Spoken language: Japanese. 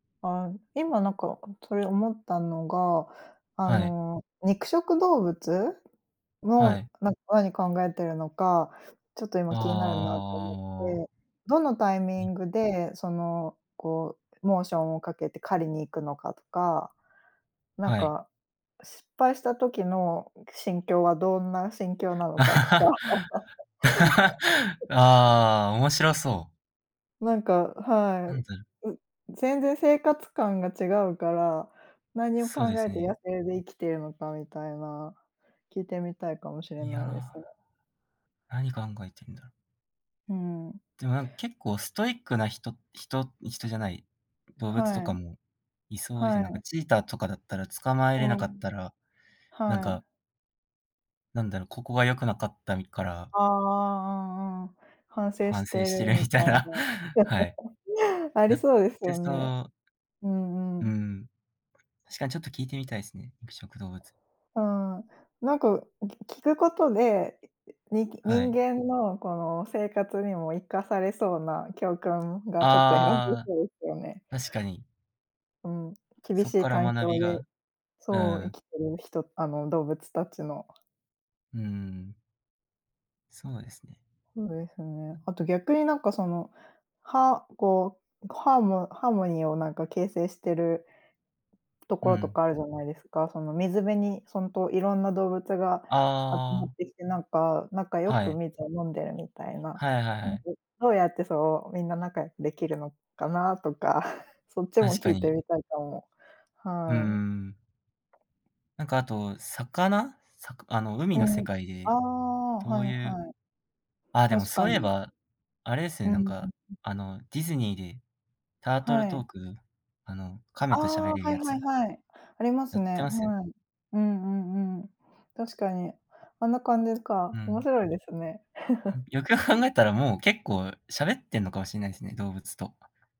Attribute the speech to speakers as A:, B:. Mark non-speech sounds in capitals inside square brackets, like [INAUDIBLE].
A: あ、今なんかそれ思ったのが、あ
B: はい。
A: の肉食動物
B: は
A: の
B: い。
A: なんか、何考えてるのか、ちょっと今気になるなと思っ
B: ああ。
A: て、どのタイミ
B: に。
A: ングでそのこうモーションをかけて狩りに行くのかとか、なん
B: はい。
A: か失敗した時の心境はどんな心境な
B: [LAUGHS]
A: のかとか。
B: あ
A: [LAUGHS]
B: あ、面白そう。
A: なんか、は
B: アン
A: い。
B: ザル
A: う全然生活感が違うから、何を考
B: そうで
A: え
B: す
A: て野
B: ね。
A: 生で生きているのかみたいな、聞いてみたいかもしれ
B: い
A: ないです
B: や、
A: ね。
B: 何考えてんだろう。
A: うん。
B: でもなんか結構ストイックな人人人じゃない、動物と
A: は
B: か
A: い。
B: もいそうです
A: は
B: ね。なんか
A: い。
B: チーターとかだったら捕まえれ
A: う
B: なか
A: ん。
B: ったら、なん
A: は
B: か
A: い。
B: なんだろう。ここが良くなかったみから
A: ああああ、うんうん、反省
B: 反
A: し
B: 省
A: て
B: し
A: る
B: てる
A: み
B: みた
A: た
B: い
A: い
B: な、
A: な。
B: はい。
A: [LAUGHS] あり
B: やっ
A: そうです
B: て
A: よ
B: そ
A: ね。
B: う。
A: うんう
B: う
A: ん。
B: ん。確かにちょっと聞いてみたいですね、肉食動物。
A: うん。なんかき聞くことで、いいにき
B: は
A: 人
B: い。
A: 間のこの生活にも活かされそうな教訓がちょっと得られ
B: あ
A: そうですよね。
B: あ、確かに。
A: うん。厳
B: そ
A: し
B: っ
A: い
B: から
A: 環
B: 学
A: 境
B: び
A: で、
B: が、う
A: そう、生
B: ん。
A: きてる人あの動物たちの。
B: うん。そうですね。
A: そうですね。あと逆になんかその、はこう、ハーモハーモニーをなんか形成してるとこ
B: う
A: ろと
B: ん。
A: かあるじゃないですか。その水辺にほんといろんな動物が集
B: あ
A: まっ
B: あ。
A: てきて、なんか仲良
B: は
A: く
B: い。
A: 水を飲んでるみたいな。
B: はいはい
A: な
B: は
A: んか、
B: い。
A: どうやって、そう、みんな仲良くできるのかなとか、[GIGGLES] そっちも
B: 確か
A: 聞いて
B: に。
A: みたいと思う。
B: うんう
A: はい。
B: ん。なんかあと、魚、さくあの、海
A: う
B: の世
A: ん。
B: 界
A: あ
B: で、
A: あ、
B: ど
A: はい
B: ういう、
A: はい。
B: あ、でも
A: 確
B: そ
A: か
B: ういえ
A: に。
B: ば、あれです
A: う
B: ね。
A: んう
B: なん
A: ん
B: か、
A: うん。
B: あの、ディズニーで、タートル
A: は
B: ト
A: い。
B: ーク、あの、亀
A: あ
B: としゃ
A: あ、
B: べれる
A: は
B: や
A: いは
B: つ。
A: いはい。あります
B: やって
A: ね。
B: ますよね。
A: はい。うんうんうん。確かに。あんな感じ
B: う
A: か。面
B: ん。
A: 白いですね。
B: [CHUCKLES] よくよく
A: [LAUGHS]
B: 考えたら、もう結構喋ってんのかもしれないですね動物と。